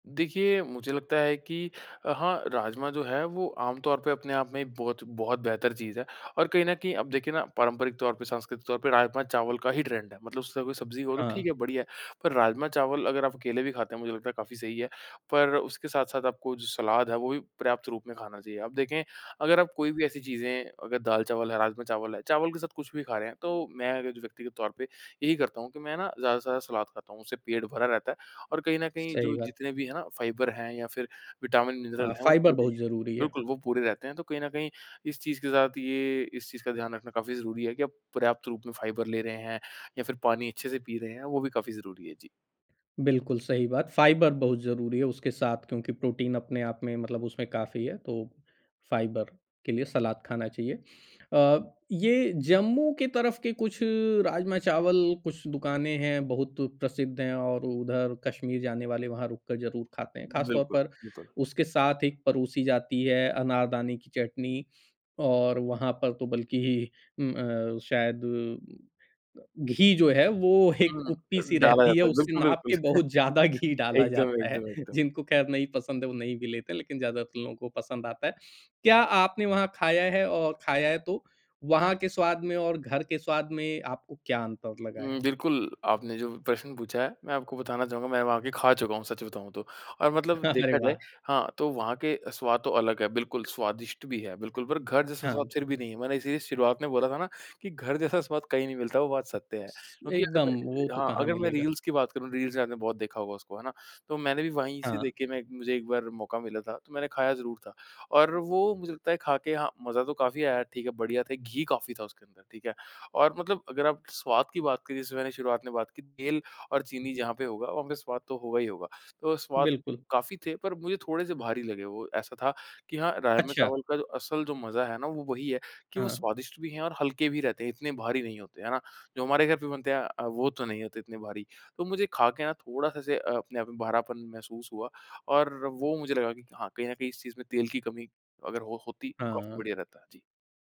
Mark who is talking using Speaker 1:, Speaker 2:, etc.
Speaker 1: देखिए, मुझे लगता है कि अ, हाँ, राजमा जो है वो आमतौर पे अपने आप में ही बहुत बहुत बेहतर चीज़ है और कहीं न कहीं अब देखिए ना, पारंपरिक तौर पे सांस्कृतिक तौर पे राजमा-चावल का ही ट्रेंड है। मतलब सभी सब्ज़ी हो तो
Speaker 2: हाँ।
Speaker 1: ठीक है, बढ़िया है पर राजमा-चावल अगर आप अकेले भी खाते हैं, मुझे लगता है काफ़ी सही है। पर उसके साथ-साथ आपको जो सलाद है, वो भी पर्याप्त रूप में खाना चाहिए। अब देखें अगर आप कोई भी ऐसी चीज़ें अगर दाल-चावल है, राजमा-चावल है, चावल के साथ कुछ भी खा रहे हैं तो मैं अगर जो व्यक्तिगत तौर पे यही करता हूँ कि मैं ना ज़्यादा से ज़्यादा सलाद खाता हूँ, उससे पेट भरा रहता है और कहीं न कहीं
Speaker 2: सही
Speaker 1: जो
Speaker 2: बात।
Speaker 1: जितने भी हैं ना फाइबर हैं या फिर विटामिन, मिनरल
Speaker 2: हाँ,
Speaker 1: हैं, वो
Speaker 2: फाइबर
Speaker 1: पूरे
Speaker 2: बहुत ज़रूरी है।
Speaker 1: बिल्कुल वो पूरे रहते हैं। तो कहीं न कहीं इस चीज़ के साथ ये इस चीज़ का ध्यान रखना काफ़ी ज़रूरी है कि आप पर्याप्त रूप में फाइबर ले रहे हैं या फिर पानी अच्छे से पी रहे हैं, वो भी काफ़ी ज़रूरी है। जी।
Speaker 2: बिल्कुल सही बात। फाइबर बहुत ज़रूरी है उसके साथ क्योंकि प्रोटीन अपने आप में मतलब उसमें काफ़ी है तो फाइबर के लिए सलाद खाना चाहिए। अ, ये जम्मू के तरफ के कुछ राजमा-चावल, कुछ दुकानें हैं, बहुत प्रसिद्ध हैं और उधर कश्मीर जाने वाले वहाँ रुक कर ज़रूर खाते हैं। ख़ासतौर
Speaker 1: बिल्कुल,
Speaker 2: पर
Speaker 1: बिल्कुल।
Speaker 2: उसके साथ एक परोसी जाती है अनारदाने की चटनी और वहाँ पर तो बल्कि उम, अ, शायद घ घी जो है, वो एक
Speaker 1: हुँ, अम,
Speaker 2: कुप्पी-सी
Speaker 1: डाला
Speaker 2: रहती है,
Speaker 1: जाता है,
Speaker 2: उससे
Speaker 1: बिल्कुल,
Speaker 2: नाप
Speaker 1: बिल्कुल।
Speaker 2: के बहुत ज़्यादा घी डाला
Speaker 1: एकदम,
Speaker 2: जाता है।
Speaker 1: एकदम, एकदम।
Speaker 2: जिनको खैर नहीं पसंद है, वो नहीं भी लेते हैं लेकिन ज़्यादातर लोगों को पसंद आता है। क्या आपने वहाँ खाया है और खाया है तो वहाँ के स्वाद में और घर के स्वाद में आपको क्या अंतर लगा
Speaker 1: उम,
Speaker 2: है?
Speaker 1: बिल्कुल, आपने जो प्रश्न पूछा है, मैं आपको बताना चाहूँगा मैं वहाँ आ के खा चुका हूँ, सच बताऊँ तो और मतलब
Speaker 2: अरे
Speaker 1: देखा जाए
Speaker 2: वाह!
Speaker 1: हाँ, तो वहाँ के अ, स्वाद तो अलग है, बिल्कुल स्वादिष्ट भी है बिल्कुल पर घर जैसा स्वाद
Speaker 2: हाँ।
Speaker 1: फिर भी नहीं है। मैंने इसीलिए शुरुआत में बोला था ना, कि घर जैसा स्वाद कहीं नहीं मिलता, वो बात सत्य है। क्योंकि अगर मैं
Speaker 2: एकदम, वो तो
Speaker 1: हाँ,
Speaker 2: कहाँ
Speaker 1: अगर मैं
Speaker 2: मिलेगा।
Speaker 1: रील्स की बात करूँ, रील्स से आपने बहुत देखा होगा उसको है ना? तो मैंने भी वहीं से
Speaker 2: हाँ।
Speaker 1: देख के मैं एक मुझे एक बार मौका मिला था तो मैंने खाया ज़रूर था और वो मुझे लगता है खा के हाँ, मज़ा तो काफ़ी आया ठीक है? बढ़िया था, घी काफ़ी था उसके अंदर ठीक है? और मतलब अगर आप स्वाद की बात की, जैसे मैंने शुरुआत में बात की तेल और चीनी जहाँ पे होगा, वहाँ पे स्वाद तो होगा ही होगा। तो स्वाद
Speaker 2: बिल्कुल।
Speaker 1: काफ़ी थे पर मुझे थोड़े-से भारी लगे वो। ऐसा था कि हाँ,
Speaker 2: अच्छा।
Speaker 1: राजमा-चावल का जो असल जो मज़ा है ना, वो वही है कि वो
Speaker 2: हाँ।
Speaker 1: स्वादिष्ट भी हैं और हल्के भी रहते हैं। इतने भारी नहीं होते है ना? जो हमारे घर पे बनते हैं अ, वो तो नहीं होते इतने भारी। तो मुझे खा के ना थोड़ा-सा ऐसे अ, अपने आप में भरापन महसूस हुआ और वो मुझे लगा कि हाँ, कहीं न कहीं इस चीज़ में तेल की कमी अगर हो होती तो काफ़ी
Speaker 2: हाँ।
Speaker 1: बढ़िया रहता। जी।